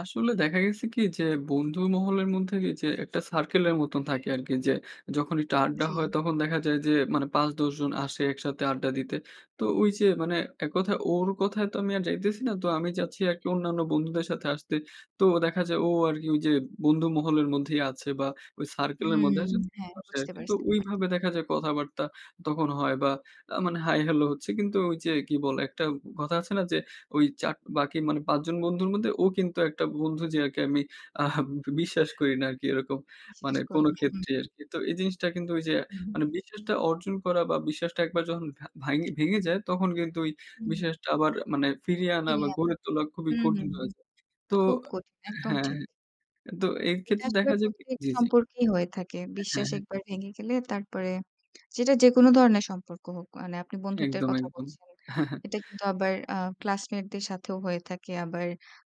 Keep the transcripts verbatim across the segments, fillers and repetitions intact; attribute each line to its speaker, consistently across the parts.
Speaker 1: আসলে দেখা গেছে কি? যে, বন্ধু মহলের মধ্যে এ যে, একটা সার্কেলের মত থাকে আরকি যে, যখন একটা আড্ডা হয়,
Speaker 2: জ্বী।
Speaker 1: তখন দেখা যায় যে, মানে পাঁচ, দশ জন আসে একসাথে আড্ডা দিতে। তো ওইযে মানে, এক কথায় ওর কথায় তো আমি আর যাইতেছি না। তো আমি যাচ্ছি আরকি অন্যান্য বন্ধুদের সাথে আসতে। তো দেখা যায়, ও আরকি ওইযে, বন্ধু মহলের মধ্যেই আছে বা, ওই সার্কেলের মধ্যে
Speaker 2: হুম।
Speaker 1: [unintelligible]
Speaker 2: হ্যাঁ,
Speaker 1: আছে
Speaker 2: বুঝতে
Speaker 1: আরকি। তো
Speaker 2: পারছি ব্যাপারটা।
Speaker 1: ওইভাবে দেখা যায় কথাবার্তা তখন হয়। বা, আ মানে হাই, হ্যালো হচ্ছে, কিন্তু ঐযে কি বলে? একটা কথা আছে না যে, ওই চাক বাকি পাঁচ জন বন্ধুর মধ্যে ও কিন্তু একটা বন্ধু যে আরকি আমি আহা বিশ্বাস করি না আরকি এরকম, মানে
Speaker 2: বিশ্বাস
Speaker 1: কোন
Speaker 2: করেন না। হুম।
Speaker 1: ক্ষেত্রেই আরকি। তো এই জিনিসটা কিন্তু ওইযে
Speaker 2: হু, হুম।
Speaker 1: মানে বিশ্বাসটা অর্জন করা বা, বিশ্বাসটা একবার যখন ভা ভাইঙে ভেঙে যায়, তখন কিন্তু ওই
Speaker 2: হুম।
Speaker 1: বিশ্বাসটা আবার মানে ফিরিয়ে আনা বা,
Speaker 2: ফিরিয়ে আনা।
Speaker 1: গড়ে তোলা খুবই
Speaker 2: হু, হু,
Speaker 1: কঠিন
Speaker 2: হু।
Speaker 1: হয়ে যায়। তো
Speaker 2: খুব কঠিন।
Speaker 1: আ
Speaker 2: একদম
Speaker 1: হ্যাঁ,
Speaker 2: ঠিক।
Speaker 1: তো
Speaker 2: এটা
Speaker 1: এইক্ষেত্রে
Speaker 2: আসলে
Speaker 1: দেখা যায় কি
Speaker 2: প্রত্যেক
Speaker 1: জ্বী, জ্বী।
Speaker 2: সম্পর্কেই হয়ে থাকে।
Speaker 1: হ্যাঁ,
Speaker 2: বিশ্বাস
Speaker 1: হ্যাঁ।
Speaker 2: একবার ভেঙে গেলে, তারপরে যেটা যেকোন ধরনের সম্পর্ক হোক। মানে আপনি বন্ধুত্বের
Speaker 1: একদম,
Speaker 2: কথা
Speaker 1: একদম।
Speaker 2: বলছেন। এটা কিন্তু আবার আ ক্লাসমেটদের সাথেও হয়ে থাকে, আবার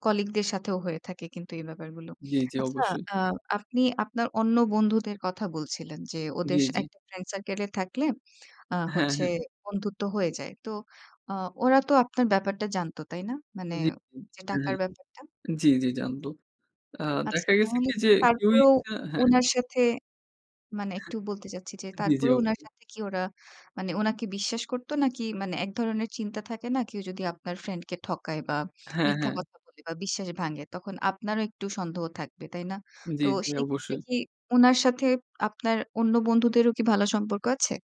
Speaker 2: কলিগদের সাথেও হয়ে থাকে কিন্তু এই ব্যাপারগুলো।
Speaker 1: জ্বী, জ্বী,
Speaker 2: আচ্ছা,
Speaker 1: অবশ্যই।
Speaker 2: আ আপনি আপনার অন্য বন্ধুদের কথা বলছিলেন যে, ওদের
Speaker 1: জ্বী,
Speaker 2: সা
Speaker 1: জ্বী।
Speaker 2: একটা ফ্রেন্ড সার্কেল এ থাকলে, আ
Speaker 1: হ্যাঁ,
Speaker 2: হচ্ছে
Speaker 1: হ্যাঁ।
Speaker 2: বন্ধুত্ব হয়ে যায়। তো আ ওরা তো আপনার ব্যাপারটা জানতো, তাই না? মানে,
Speaker 1: জ্বী, জ্বী।
Speaker 2: যে
Speaker 1: হ্যাঁ,
Speaker 2: টাকার
Speaker 1: হ্যাঁ।
Speaker 2: ব্যাপারটা?
Speaker 1: জ্বী, জ্বী। জানতো। আ
Speaker 2: আচ্ছা,
Speaker 1: দেখা গেছে
Speaker 2: তাহলে
Speaker 1: কি? যে
Speaker 2: কি
Speaker 1: কেউ
Speaker 2: তারপরেও
Speaker 1: ইচ্ছা হ্যাঁ।
Speaker 2: উনার সাথে মানে একটু বলতে চাচ্ছি যে,
Speaker 1: জ্বী, জ্বী।
Speaker 2: তারপরেও উনার
Speaker 1: অবশ্যই।
Speaker 2: সাথে কি ওরা মানে ওনাকে বিশ্বাস করতো নাকি, মানে এক ধরনের চিন্তা থাকে না? কেউ যদি আপনার ফ্রেন্ডকে ঠকায় বা,
Speaker 1: হ্যাঁ,
Speaker 2: মিথ্যা
Speaker 1: হ্যাঁ।
Speaker 2: কথা বলে বা, বিশ্বাস ভাঙে, তখন আপনারও একটু সন্দেহ থাকবে। তাই না? তো
Speaker 1: জ্বী, জ্বী।
Speaker 2: সেইক্ষেত্রে
Speaker 1: অবশ্যই।
Speaker 2: কি উনার সাথে আপনার অন্য বন্ধুদেরও কি ভালো সম্পর্ক আছে?